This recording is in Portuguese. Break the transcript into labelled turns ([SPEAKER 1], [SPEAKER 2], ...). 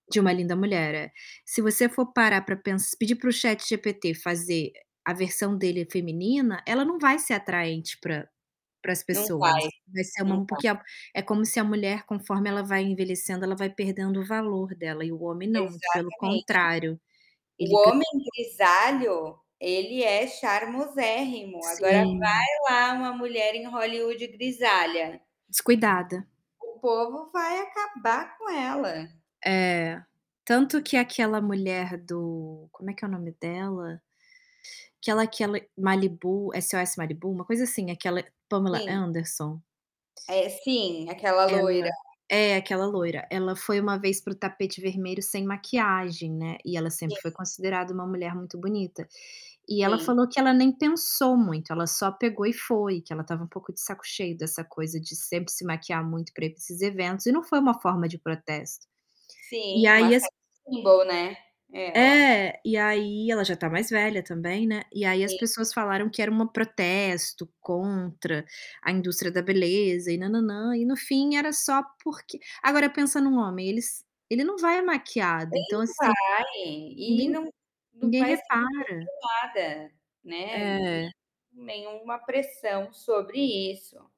[SPEAKER 1] De Uma Linda Mulher, é. Se você for parar para pens pedir para o ChatGPT fazer a versão dele feminina, ela não vai ser atraente para para as
[SPEAKER 2] Não
[SPEAKER 1] pessoas.
[SPEAKER 2] faz,
[SPEAKER 1] Vai ser uma
[SPEAKER 2] não
[SPEAKER 1] m
[SPEAKER 2] dá.
[SPEAKER 1] porque é é como se a mulher, conforme ela vai envelhecendo, ela vai perdendo o valor dela. E o homem não, muito pelo
[SPEAKER 2] Exatamente.
[SPEAKER 1] contrário,
[SPEAKER 2] O
[SPEAKER 1] ele ga
[SPEAKER 2] homem grisalho, ele é charmosérrimo. Agora vai
[SPEAKER 1] Sim.
[SPEAKER 2] lá uma mulher em Hollywood grisalha.
[SPEAKER 1] Descuidada.
[SPEAKER 2] O povo vai acabar com ela.
[SPEAKER 1] É. Tanto que aquela mulher do como é que é o nome dela? Aquela aquela Malibu SOS Malibu, uma coisa assim, aquela Pamela
[SPEAKER 2] Sim.
[SPEAKER 1] Anderson.
[SPEAKER 2] Eh, sim, aquela
[SPEAKER 1] Ela
[SPEAKER 2] loira.
[SPEAKER 1] é aquela loira. Ela foi uma vez para o tapete vermelho sem maquiagem, né. E ela
[SPEAKER 2] Sim.
[SPEAKER 1] sempre foi considerada um mulher muito bonita. E ela
[SPEAKER 2] Sim.
[SPEAKER 1] falou que ela nem pensou muito, ela só pegou e foi, que ela estava um pouco de saco cheio dessa coisa de sempre se maquiar muito para ir pra esses eventos e não foi uma forma de protesto. E
[SPEAKER 2] Sim, uma
[SPEAKER 1] aí as
[SPEAKER 2] sex symbol ela.
[SPEAKER 1] É, e aí, ela já está mais velha também, né. E aí as
[SPEAKER 2] Sim.
[SPEAKER 1] pessoas falaram que era uma protesto contra a indústria da beleza e nã nã nã. E no fim era só porque agora pensa em um homem. Eles ele não vai é maquiado,
[SPEAKER 2] Nem
[SPEAKER 1] então assim,
[SPEAKER 2] vale. E
[SPEAKER 1] ninguém
[SPEAKER 2] não
[SPEAKER 1] ninguém
[SPEAKER 2] [unintelligible]
[SPEAKER 1] repara.
[SPEAKER 2] né. Nen
[SPEAKER 1] É.
[SPEAKER 2] nenhuma pressão sobre isso.